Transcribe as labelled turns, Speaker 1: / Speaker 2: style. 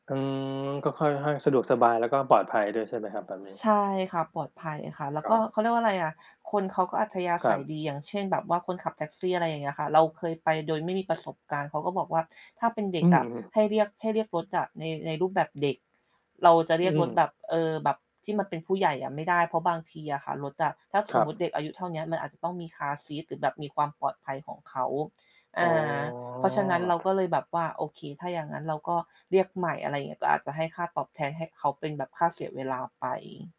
Speaker 1: อืม ก็ค่อยให้สะดวกสบาย แล้วก็ปลอดภัยด้วยใช่ไหมครับ แบบนี้?
Speaker 2: ใช่ค่ะ ปลอดภัยค่ะ แล้
Speaker 1: ค
Speaker 2: ว
Speaker 1: ร
Speaker 2: ก็
Speaker 1: ับ
Speaker 2: เขาเรียกว่าอะไรอะ คนเขาก็อัธยา
Speaker 1: ค
Speaker 2: ศ
Speaker 1: รั
Speaker 2: ั
Speaker 1: บ
Speaker 2: ยดี อย่างเช่น แบบว่าคนขับแท็กซี่ อะไรอย่างเงี้ยค่ะ เราเคยไปโดยไม่มีประสบการณ์ เขาก็บอกว่า "ถ้าเป็นเด
Speaker 1: อ
Speaker 2: ็
Speaker 1: ื
Speaker 2: กอะ
Speaker 1: ม
Speaker 2: ให้เรียก ให้เรียกรถจากใน ในรูปแบบเด็ก" เราจะเร
Speaker 1: อ
Speaker 2: ี
Speaker 1: ื
Speaker 2: ยกรถแบ
Speaker 1: ม
Speaker 2: บ เออ แบบที่มันเป็นผู้ใหญ่อะไม่ได้ เพราะบางทีอะค่ะรถอะ ถ้า
Speaker 1: ค
Speaker 2: ส
Speaker 1: ร
Speaker 2: ม
Speaker 1: ั
Speaker 2: มุติ
Speaker 1: บ
Speaker 2: เด็กอายุเท่าเนี้ย มันอาจจะต้องมีคาร์ซีตหรือแบบมีความปลอดภัยของเขา อ
Speaker 1: อ
Speaker 2: ่
Speaker 1: ๋
Speaker 2: า เพราะฉะนั้นเราก็
Speaker 1: อ
Speaker 2: เลยแบบว่า โอเค ถ้าอย่างงั้นเราก็เรียกใหม่ อะไรอย่างเงี้ย ก็อาจจะให้ค่าตอบแทน ให้เขาเป็นแบบค่าเสียเวลาไป